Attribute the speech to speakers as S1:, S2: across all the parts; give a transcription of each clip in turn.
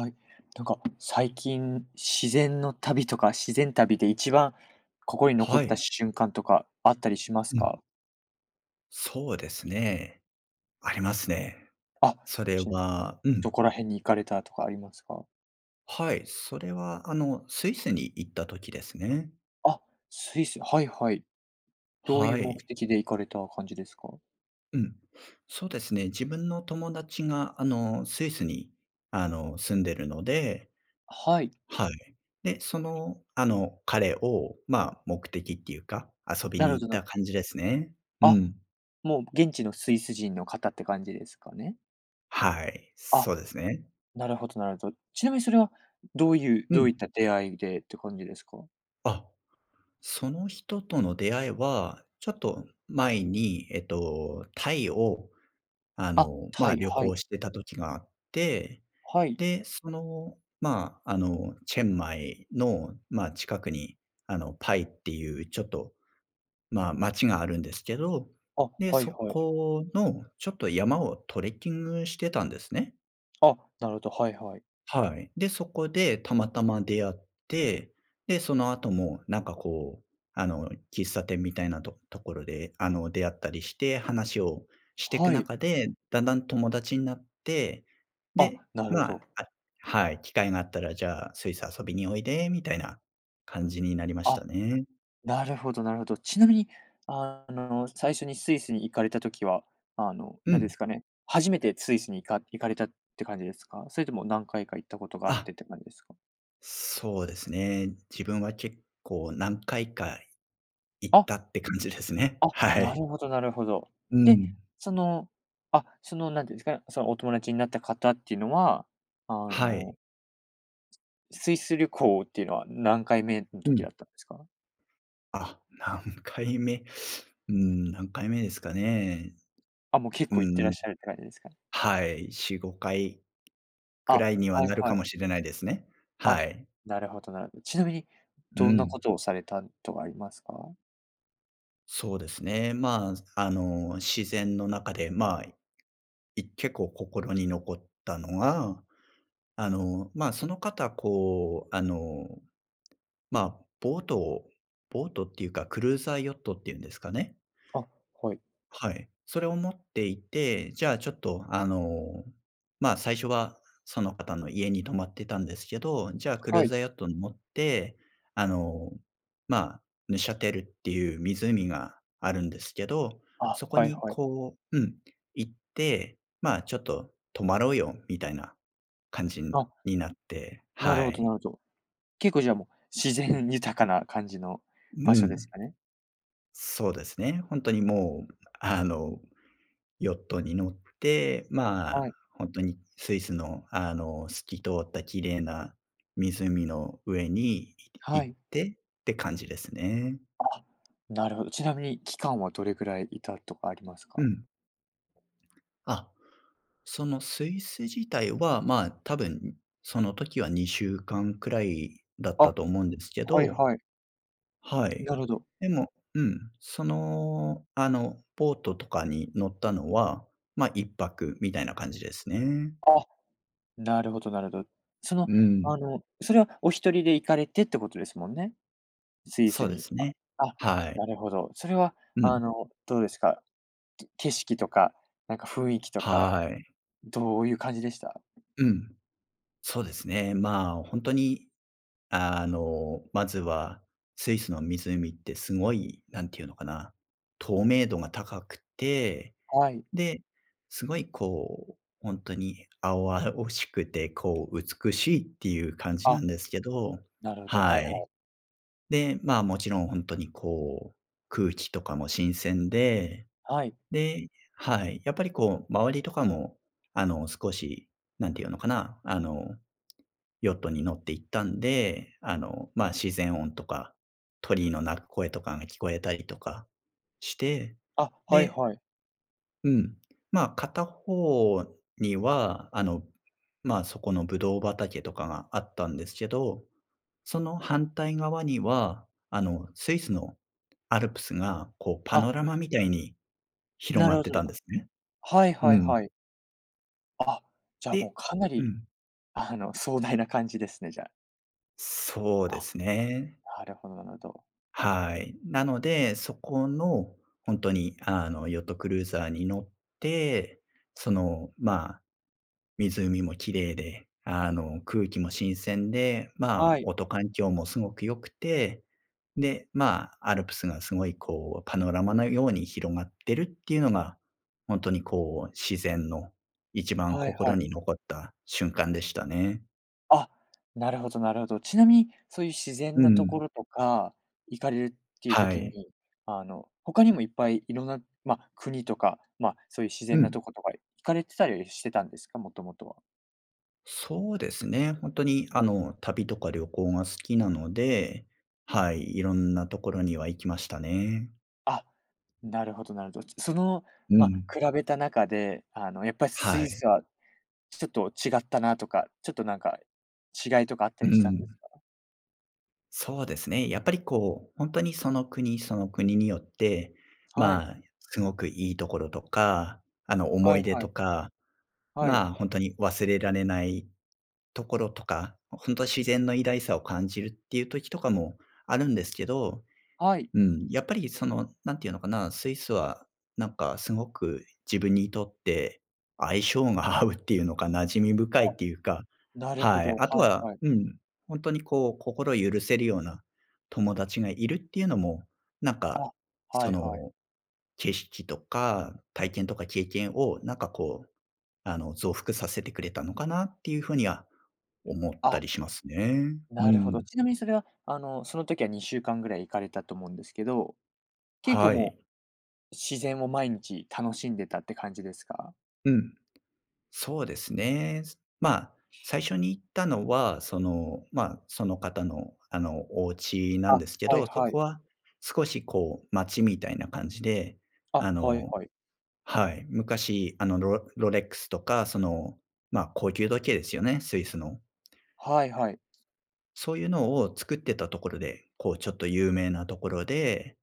S1: はい、なんか、最近、自然の旅とか、自然旅で一番心に残っ
S2: は
S1: た
S2: い。
S1: 瞬間とかあったりします
S2: うん。
S1: か？
S2: そうですね。ありますね。
S1: あ、
S2: それ
S1: ちん
S2: はう
S1: ど
S2: ん。
S1: こら辺に行かれたとかありますか？
S2: はい、それは、あの、スイスに行った時ですね。
S1: あ、スイス、はいはい。どういう
S2: は
S1: 目
S2: い。
S1: 的で行かれた感じですか？
S2: うん、そうですね。自分の友達が、あの、スイスに、あの、住んでるので。
S1: はい。
S2: はい。で、その、あの、彼を、まあ、目的っていうか、遊び
S1: な
S2: に
S1: るほ
S2: 行っ
S1: ど、な
S2: た
S1: る
S2: 感じですね。う
S1: あ、
S2: ん。
S1: もう現地のスイス人の方って感じですかね？
S2: はい、
S1: あ、
S2: そうですね。
S1: なるほどなるほど。ちなみに、それはどういう
S2: う
S1: どう
S2: ん。
S1: いった出会いでって感じですか？
S2: あ、その人との出会いは、ちょっと前に、えっと、タイを、あ
S1: あ、
S2: の、
S1: タ
S2: ま、
S1: イ。
S2: 旅
S1: は
S2: 行
S1: い。
S2: してた時があって、
S1: はい。
S2: で、その、まあ、あの、チェンマイの、ま、近くに、あの、Pai っていう、ちょっと、まあ、町があるんですけど、
S1: あ、
S2: で、
S1: はい
S2: そ
S1: はい。
S2: この、ちょっと山をトレッキングしてたんですね。
S1: あ、なるほど、はいはい。
S2: はい。で、そこでたまたま出会って。で、その後も、なんかこう、あの、喫茶店みたいなとところであの出会ったりして、話をしてく
S1: はい。
S2: 中で、だんだん友達になって、
S1: あ、
S2: で、
S1: なる
S2: ま
S1: ほ
S2: あ
S1: ど。
S2: あ、はい、「機会があったらじゃあ、スイス遊びにおいで」みたいな感じになりまし
S1: あ、
S2: たね。
S1: なるほどなるほど。ちなみに、あの最初にスイスに行かれた時は、あの、
S2: う
S1: なんで
S2: ん。
S1: すかね、初めてスイスに行か行かれたって感じですか？それとも何回か行ったことがあっ
S2: あ。
S1: てって感じですか？
S2: そうですね。自分は結構何回か行っ
S1: あ。
S2: たって感じですね。
S1: あ、
S2: は
S1: な
S2: い。
S1: るほどなるほど。
S2: う
S1: で、
S2: ん。
S1: その、あ、そのなんていうんですかね、そのお友達になった方っていうのは、あ
S2: はい。
S1: の、すスイス旅行っていうのは何回目の
S2: う
S1: 時
S2: ん。
S1: だったんですか？
S2: あ、何回目？うん、何回目ですかね。
S1: あ、もう結
S2: う
S1: 構行ってらっ
S2: ん。
S1: しゃるって感じですか？
S2: はい。4、5回く
S1: あ、
S2: らいには
S1: はい
S2: なる
S1: は
S2: か
S1: い。
S2: もしれないですね。
S1: あ、
S2: はい。
S1: なるほどなるほど。ちなみに、
S2: う
S1: どんなこ
S2: ん。
S1: とをされたとかありますか？
S2: そうですね。まあ、あの、自然の中で、ま、い結構心に残ったのが、あの、ま、その方こう、あの、ま、ボートをボートっていうか、クルーザーヨットっていうんですかね
S1: あ、はい。
S2: はい。それを持っていて、じゃあ、ちょっとあの、ま、最初はその方の家に泊まってたんですけど。じゃ、クルー
S1: はい。
S2: ザーヨットに乗って、あの、ま、Neuchâtel っていう湖があるんですけど、
S1: あ、
S2: そこ
S1: はい
S2: に
S1: はい。
S2: こううん、行って、まあ、ちょっと泊まろうよみたいな感じ
S1: あ。
S2: になって、
S1: なる
S2: は
S1: ほどな
S2: い。
S1: るほど。結構じゃあもう、自然豊かな感じの
S2: う
S1: 場所です
S2: ん。
S1: かね？
S2: そうですね。ほんとにもうあの、ヨットに乗って、ま
S1: は
S2: あ、
S1: い。
S2: ほんとに、スイスのあの、透き通った綺麗な湖の上にい
S1: は
S2: 行っ
S1: い。
S2: てって感じですね。
S1: あ、なるほど。ちなみに、期間はどれぐらい居たとかあります
S2: う
S1: か？
S2: ん。あ、そのスイス自体は、まあ、多分その時は2週間くらいだった
S1: あ、
S2: と思うんですけ
S1: はい
S2: ど。
S1: はい。
S2: はい。
S1: なるほど。
S2: でも、うん、その、あの、ボートとかに乗ったのは、ま、1泊みたいな感じですね。
S1: あ、なるほどなるほど。その、
S2: うん。
S1: あの、それはお一人で行かれてってことですもんね、スイ
S2: そ
S1: ス
S2: うで
S1: に。
S2: す
S1: あ
S2: ね。
S1: あ、
S2: はい。
S1: なるほど。それは
S2: う
S1: あ
S2: ん。
S1: の、どうですか？景色とか、なんか雰囲気とか、
S2: はい。
S1: どういう感じでした？
S2: うん、そうですね。まあ、ほんとに、あの、まずはスイスの湖ってすごい何て言うのかな、透明度が高くて、
S1: はい。
S2: で、すごいこう、ほんとに青々しくてこう美しいっていう感じな
S1: あ、
S2: んですけど
S1: なるほど、は
S2: は
S1: いは
S2: い。
S1: い。
S2: で、まあ、もちろん、ほんとにこう、空気とかも新鮮で。
S1: はい。
S2: で、はい、やっぱりこう周りとかも、あの、少し、何て言うのかな、あの、ヨットに乗って行ったんで、あの、ま、自然音とか、鳥の鳴く声とかが聞こえたりとかして。
S1: あ、はい
S2: で
S1: はい。
S2: うん。ま、片方には、あの、ま、そこのブドウ畑とかがあったんですけど。その反対側には、あの、スイスのアルプスが、こうパ
S1: あ。
S2: ノラマみたいに広
S1: な
S2: が
S1: る
S2: っ
S1: ほ
S2: てたん
S1: ど。
S2: ですね。
S1: はいは
S2: う
S1: い
S2: ん。
S1: はい。あ、じゃあ、も
S2: で
S1: う、かな
S2: う
S1: り、
S2: ん。
S1: あの、壮大な感じですね、じゃあ。
S2: そうで
S1: あ、
S2: すね。
S1: なるほどなるほど。
S2: はい。なので、そこのほんとに、あの、ヨットクルーザーに乗って、その、まあ、湖も綺麗で、あの、空気も新鮮で、ま
S1: は
S2: あ、
S1: い。
S2: 音環境もすごく良くて、で、まあ、アルプスがすごい、こう、パノラマのように広がってるっていうのが、ほんとに、こう、自然の一番
S1: はいは
S2: 心
S1: い。
S2: に残った瞬間でしたね。
S1: あ、なるほどなるほど。ちなみに、そういう自然
S2: う
S1: なとこ
S2: ん。
S1: ろとか、行かれるっていう
S2: は
S1: 時
S2: い。
S1: に、あの、他にもいっぱい色んな、ま、国とか、ま、そういう自
S2: う
S1: 然な
S2: ん。
S1: とことか、行かれてたりはしてたんですか？もともとは。
S2: そうですね、本当に、あの、旅とか旅行が好きなので、はい、いろんな所には行きましたね。
S1: あ、なるほどなるほど。ちその、
S2: う
S1: ま、
S2: ん。
S1: 比べた中で、あの、やっぱス
S2: は
S1: イ
S2: い。
S1: スはちょっと違ったなとか、ちょっと、なんか、違いとかあった
S2: う
S1: りしたんで
S2: ん。
S1: すか？
S2: そうですね。やっぱりこう、ほんとにその国、その国によって、
S1: はい。
S2: まあ、すごくいいところとか、あの、思
S1: は
S2: い
S1: い
S2: 出
S1: は
S2: と
S1: い。
S2: か、
S1: はい。
S2: まあ、ほんとに忘れられないところとか、ほんとは自然の偉大さを感じるっていう時とかもあるんですけど
S1: はい
S2: うん、やっぱりその何て言うのかな、スイスはなんかすごく自分にとって、相性が合うっていうのか馴染み深いっ
S1: あ。
S2: ていうか、
S1: なるほ
S2: はい。
S1: ど、
S2: あと
S1: はい
S2: は
S1: はい。
S2: うん、ほんとにこう、心を許せるような友達がいるっていうのも、なんか、
S1: あ、は
S2: そ
S1: いはい。
S2: の、景色とか、体験とか経験を、なんかこう、あの、増幅させてくれたのかなっていう風には思った
S1: あ。
S2: りしますね。う
S1: なるほ
S2: ん。
S1: ど、ちなみにそれは、あの、その時は2週間ぐらい行かれたと思うんですけど、結構
S2: は
S1: も
S2: い。
S1: う、自然を毎日楽しんでたって感じですか？
S2: うん。そうですね。すまあ、最初に行ったのは、その、まあ、その方のあの、お家なん
S1: あ、
S2: ですけ
S1: はい
S2: ど、そ
S1: はい。
S2: こは少しこう街みたいな感じで、
S1: あ、
S2: あ
S1: はい
S2: の
S1: はい。
S2: はい、昔、あの、ロロレックスとか、その、ま、高級時計ですよね、スイスの
S1: はいはい。
S2: そういうのを作ってたところで、こうちょっと有名なところで、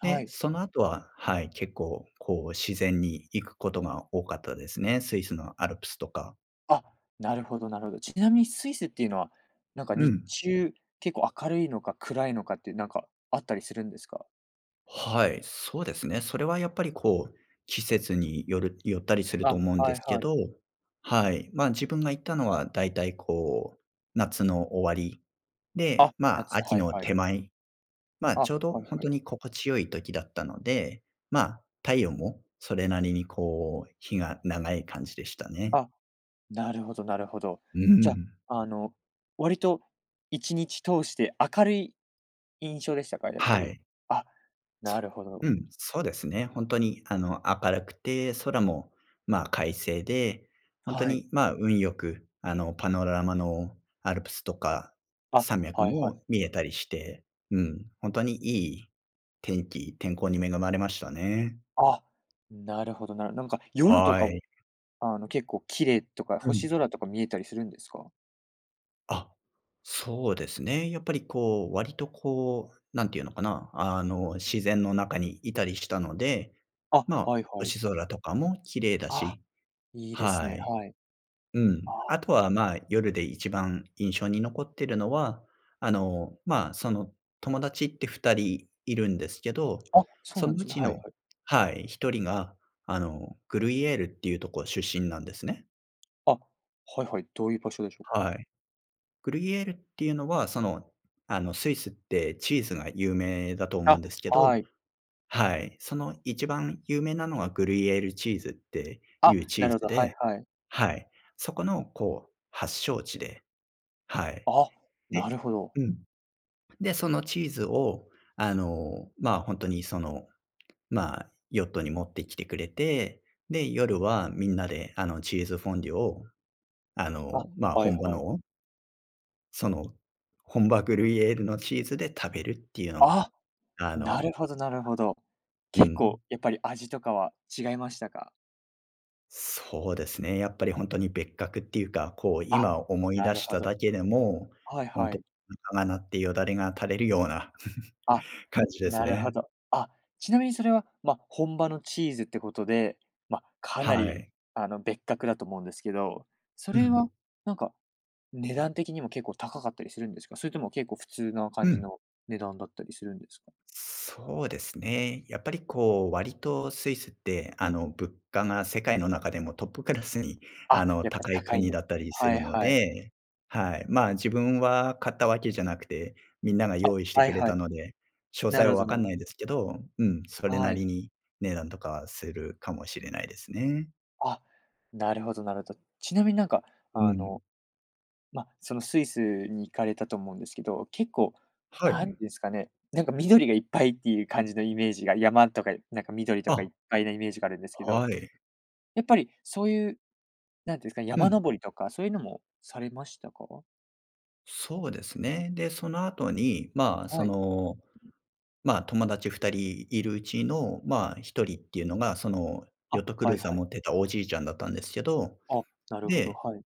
S1: は
S2: で、
S1: い。
S2: その後は、はい、結構こう、自然に行くことが多かったですね。スイスのアルプスとか。
S1: あ、なるほどなるほど。ちなみにスイスっていうのは、なんか
S2: う
S1: 日
S2: ん。
S1: 中結構明るいのか暗いのかってなんか、あったりするんですか？
S2: はい、そうですね。それはやっぱりこう、季節によるよったりすると
S1: あ、
S2: 思うん
S1: は
S2: で
S1: い
S2: すけ
S1: はい。
S2: ど、はい。ま、自分が行ったのはだいたいこう、夏の終わり、で、
S1: あ、
S2: まあ
S1: 夏、
S2: 秋
S1: はい
S2: の
S1: はい。
S2: 手前、まあ
S1: あ、
S2: ちょうど
S1: はい
S2: 本
S1: は
S2: 当
S1: い。
S2: に心地良い時だったので、まあ太陽もそれなりにこう日が長い感じでしたね。
S1: あ、なるほどなるほど。
S2: う
S1: じゃ、
S2: ん。
S1: あの割と1日通して明るい印象でしたか？やっぱ
S2: は
S1: り。
S2: い。
S1: あ、な
S2: そ
S1: るほど。
S2: うん、そうですね。本当にあの明るくて、空もまあ快晴で、本当
S1: はい。
S2: にまあ運良く、あのパノラマのアルプスとか、
S1: あ、
S2: 山脈
S1: はいはい。
S2: も見えたりして、うん、本当にいい天気天候に恵まれましたね。
S1: あ、なるほどなるなんか夜と
S2: は
S1: かも、
S2: い。
S1: あの、結構綺麗とか、
S2: う
S1: 星
S2: ん。
S1: 空とか見えたりするんですか？
S2: あ、そうですね。やっぱりこう、割とこう、何て言うのかな、あの、自然の中にいたりしたので、
S1: あ、
S2: ま、
S1: はいはい。
S2: 星空とかも綺麗だ
S1: ああ、
S2: し
S1: いいです
S2: は
S1: ね、
S2: い。
S1: はい。
S2: う
S1: あ
S2: ん。あ
S1: あ。
S2: とは、ま、夜で一番印象に残ってるのは、あの、ま、その、友達って2人いるんですけど、
S1: あ、そう
S2: そ
S1: な
S2: の
S1: んで
S2: う
S1: すね。
S2: ち
S1: はい
S2: の
S1: はい。
S2: はい、1人が、あの、Gruyères っていうとこ出身なんですね。
S1: あ、はいはい、どういう場所でしょう？
S2: はい。Gruyères っていうのは、その、あの、スイスってチーズが有名だと思うん
S1: あ、
S2: ですけど
S1: はい。
S2: はい。その一番有名なのはグリュイエールチーズってい
S1: あ、
S2: うチ
S1: な
S2: ー
S1: るほ
S2: ズ
S1: ど、はい
S2: で
S1: はい。
S2: はい。そこのこう発祥地で。はい。
S1: あ、なる
S2: で
S1: ほど。
S2: うん。で、そのチーズを、あの、ま、ほんとにその、ま、ヨットに持ってきてくれて、で、夜はみんなで、あの、チーズフォンデュを、あ
S1: あ、
S2: の、ま、
S1: はい
S2: 本場
S1: はい。
S2: のをその、本場グルイエールのチーズで食べるっていうのは、
S1: あ、
S2: あ
S1: なる
S2: の
S1: ほどなるほど。
S2: う
S1: 結構
S2: ん。
S1: やっぱり味とかは違いましたか？
S2: そうですね。やっぱりほんとに別格っていうか、こう
S1: あ、
S2: 今思い
S1: な
S2: 出
S1: る
S2: し
S1: ほ
S2: た
S1: ど。
S2: だけでも、
S1: はい
S2: ほん
S1: は
S2: と
S1: い。
S2: お腹が鳴って、よだれが垂れるような
S1: あ、
S2: 感じです
S1: なるほ
S2: ね。
S1: ど。あ、ちなみにそれは、ま、本場のチーズってことで、ま、かな
S2: は
S1: り
S2: い。
S1: あの、別格だと思うんですけど。そ
S2: う
S1: れ
S2: ん。
S1: はなんか、値段的にも結構高かったりするんですか？それとも結構、普通な
S2: う
S1: 感じ
S2: ん。
S1: の値段だったりするんですか？
S2: そうですね。やっぱりこう、割とスイスって、あの、物価が世界の中でもトップクラスにあ
S1: あ、
S2: の、
S1: やっぱり
S2: 高い
S1: 高いん
S2: 国
S1: で
S2: だったりす
S1: は
S2: る
S1: い
S2: の
S1: はい。
S2: で、はい。まあ、自分は買ったわけじゃなくて、みんなが
S1: あ、
S2: 用意して
S1: はい
S2: くれ
S1: は
S2: た
S1: い。
S2: ので、詳
S1: な
S2: 細
S1: るほ
S2: は
S1: ど
S2: 分
S1: な
S2: かん
S1: る
S2: ないですけど、うん、それ
S1: は
S2: な
S1: い。
S2: りに値段とかはするかもしれないですね。
S1: あ、なるほどなるほど。ちなみになんか、
S2: う
S1: あ
S2: ん。
S1: の、ま、そのスイスに行かれたと思うんですけど、結構、
S2: は
S1: なん
S2: い。
S1: ですかね、なんか緑がいっぱいっていう感じのイメージが山とか、なんか緑とか、い
S2: あ。
S1: っぱいなイメージがあるんですけど。
S2: はい。
S1: やっぱり、そういう、なんていうんですか、
S2: う
S1: 山
S2: ん。
S1: 登りとか、そういうのもされましたか？
S2: そうですね。で、その後に、ま、そ
S1: はい。
S2: の、ま、友達2人いるうちの、ま、1人っていうのが、その、
S1: あ、
S2: ヨットクル
S1: は
S2: ー
S1: い
S2: ザー
S1: はい。
S2: 持ってたおじいちゃんだったんですけど、
S1: あ、なるほど、
S2: で、
S1: はい。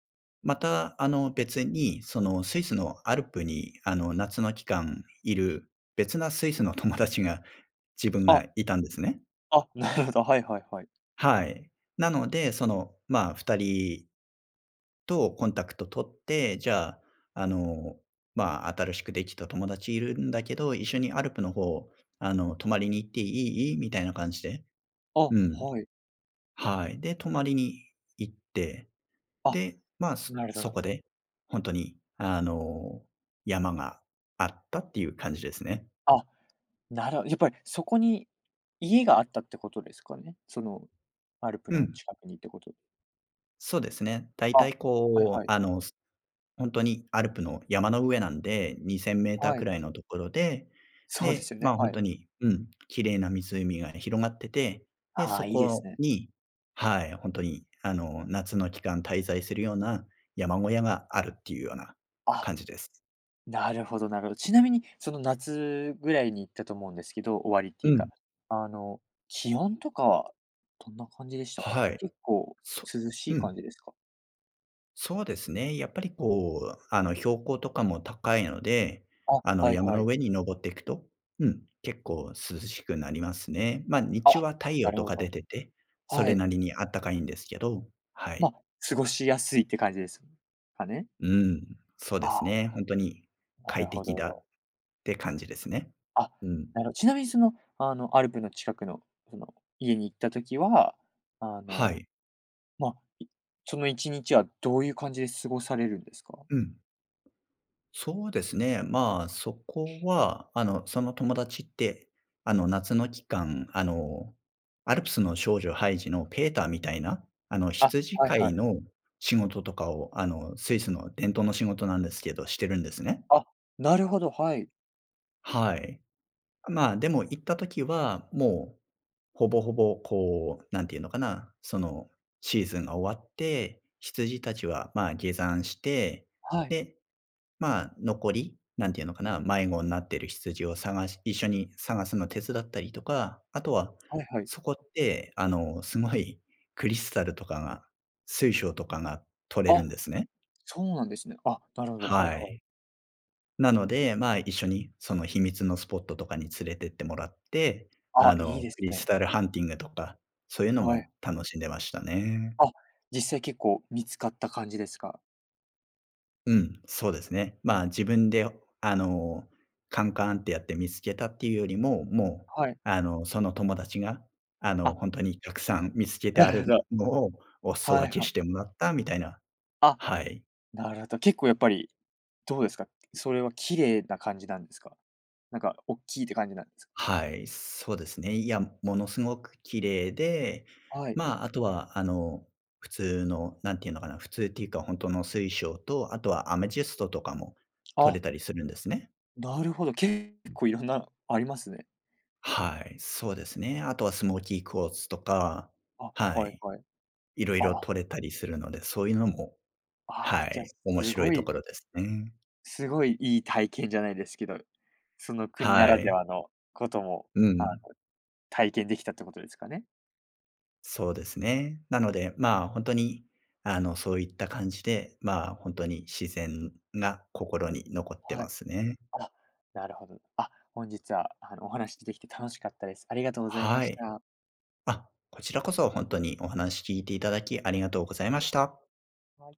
S2: また、あの、別に、そのスイスのアルプにあの夏の期間い る、別なスイスの友達が、自分
S1: あ。
S2: がいたんですね。
S1: あ、なるほど、はいはいはい。
S2: はい。なので、その、ま、2人と、コンタクト取って、じゃあ、あの、ま「新しくできた友達いるんだけど、一緒にアルプの方、あの泊まりに行っていい？」みたいな感じで
S1: あ、
S2: うん。
S1: はい。
S2: はい。で、泊まりに行って、
S1: あ、
S2: で、ま、そ
S1: なるほど
S2: そ
S1: なる
S2: こ
S1: ほど。
S2: で、ほんとにあの、山があったっていう感じですね。
S1: あ、なるほど、やっぱり、そこに家があったってことですかね、その、アルプ
S2: う
S1: の
S2: ん。
S1: 近くにってこと
S2: そうですね。だい
S1: あ、
S2: たい
S1: はい
S2: こ
S1: は
S2: う、
S1: い。
S2: あの、すほんとにアルプの山の上なんで、2000m
S1: は
S2: く
S1: い。
S2: らいのところで、
S1: そうで
S2: で、
S1: すよね、
S2: ま、ほ
S1: は
S2: んと
S1: い。
S2: に、うん、綺麗な湖が広がってて、で、
S1: あ
S2: そ
S1: あ、いいです
S2: こ
S1: ね。
S2: にはい、ほんとにあの、夏の期間滞在するような、山小屋があるっていうような
S1: あ、
S2: 感じです。
S1: なるほどなるほど。ちなみにその夏ぐらいに行ったと思うんですけど、終わりってい
S2: う
S1: うか、
S2: ん。
S1: あの、気温とかはどんな感じでしたか？
S2: はい。
S1: 結構
S2: そ
S1: 涼しい
S2: う
S1: 感
S2: ん。
S1: じですか？
S2: そうですね、やっぱりこう、あの、標高とかも高いので、
S1: あ、
S2: あの、
S1: はい
S2: 山
S1: は
S2: の
S1: い。
S2: 上に登っていくと、うん、結構涼しくなりますね。ま、日
S1: あ、
S2: 中は太
S1: な
S2: 陽
S1: る
S2: と
S1: ほ
S2: か出
S1: ど。
S2: てて、そ
S1: は
S2: れ
S1: い。
S2: なりにあったかいんですけど、はい。
S1: ま、過ごしやすいって感じですかね？
S2: うーん、そうで
S1: あ
S2: す
S1: あ。
S2: ね。ほんとに
S1: なる
S2: 「快
S1: ほ
S2: 適だ」っ
S1: ど。
S2: て感じですね。
S1: あ、
S2: うん。
S1: なるほちなみにその、あのアルプの近くのその家に行った時は、あ
S2: は
S1: の、
S2: い。
S1: まあ、いその一日はどういう感じで過ごされるんですか？
S2: うん。そうですね。まあ、そこは、あの、その友達って、あの、夏の期間、あの、アルプスの少女ハイジのペーターみたいな、あの、
S1: あ、
S2: 羊
S1: はい
S2: 飼
S1: は
S2: い
S1: い。
S2: の仕事とかを、あの、スイスの伝統の仕事なんですけど、してるんですね。
S1: あ、なるほど、はい。
S2: はい。まあ、でも行った時は、もう、ほぼほぼ、こう、何て言うのかな、そのシーズンが終わって、羊たちはまあ、下山して、
S1: はい。
S2: で、まあ、残り、何て言うのかな、迷子んなってる羊を探し一緒に探すの手伝ったりとか、あとは、
S1: はいはい。
S2: そこって、あの、すごいクリスタルとかが、水晶とかが取れる
S1: あ、
S2: んですね。
S1: そうなんですね。あ、なるほど、はい
S2: は
S1: はい。
S2: い。なので、まあ、一緒にその秘密のスポットとかに連れてってもらって、
S1: あ、
S2: あ
S1: いい
S2: の、
S1: で
S2: ク
S1: す
S2: リス
S1: ね。
S2: タルハンティングとか、そういうの
S1: はい。
S2: も楽しんでましたね。
S1: あ、実際結構見つかった感じですか？
S2: うん、そうですね。まあ、自分であの、カンカンってやって見つけたってゆうよりも、もう、
S1: はい。
S2: あのその友達が、あの、
S1: あ。
S2: ほんとにたくさん見つけて
S1: な
S2: あ
S1: るほ
S2: る
S1: ど。
S2: のを、お裾
S1: は
S2: 分
S1: い、
S2: け
S1: は
S2: してもらったみたいな、
S1: あ、
S2: はい。
S1: なるほど。結構やっぱり、どうですか？それは綺麗な感じなんですか？なんかおっきいって感じなんです？
S2: はい、そうですね。いや、ものすごく綺麗で、
S1: はい。
S2: まあ、あとはあの、普通の何て言うのかな、普通っていうか、ほんとの水晶と、あとはアメジストとかも採
S1: あ。
S2: れたりするんですね。
S1: なるほど。結構いろんなのありますね。
S2: はい、そうですね。あとはスモーキークォーツとか、
S1: あ、
S2: は
S1: はい
S2: い。
S1: はい。
S2: 色
S1: あ
S2: 々
S1: あ。
S2: 採れたりするので、そういうのも
S1: ああ、
S2: は
S1: じゃ、
S2: い、面
S1: す
S2: 白
S1: ご
S2: いと
S1: い
S2: ころですね。
S1: すごいいい体験じゃないですけど、その国
S2: は
S1: ならで
S2: い。
S1: はのことも、
S2: う
S1: あの、
S2: ん。
S1: 体験できたってことですかね？
S2: そうですね。なので、まあ、ほんとに、あの、そういった感じで、まあ、ほんとに自然が心に残って
S1: は
S2: ま
S1: い。
S2: すね。
S1: あ、なるほど。あ、本日は、あの、お話でてきて楽しかったです。ありがとうございま
S2: は
S1: し
S2: い。
S1: た。
S2: あ、こちらこそ、ほんとにお話聞いていただきありがとうございました。
S1: はい。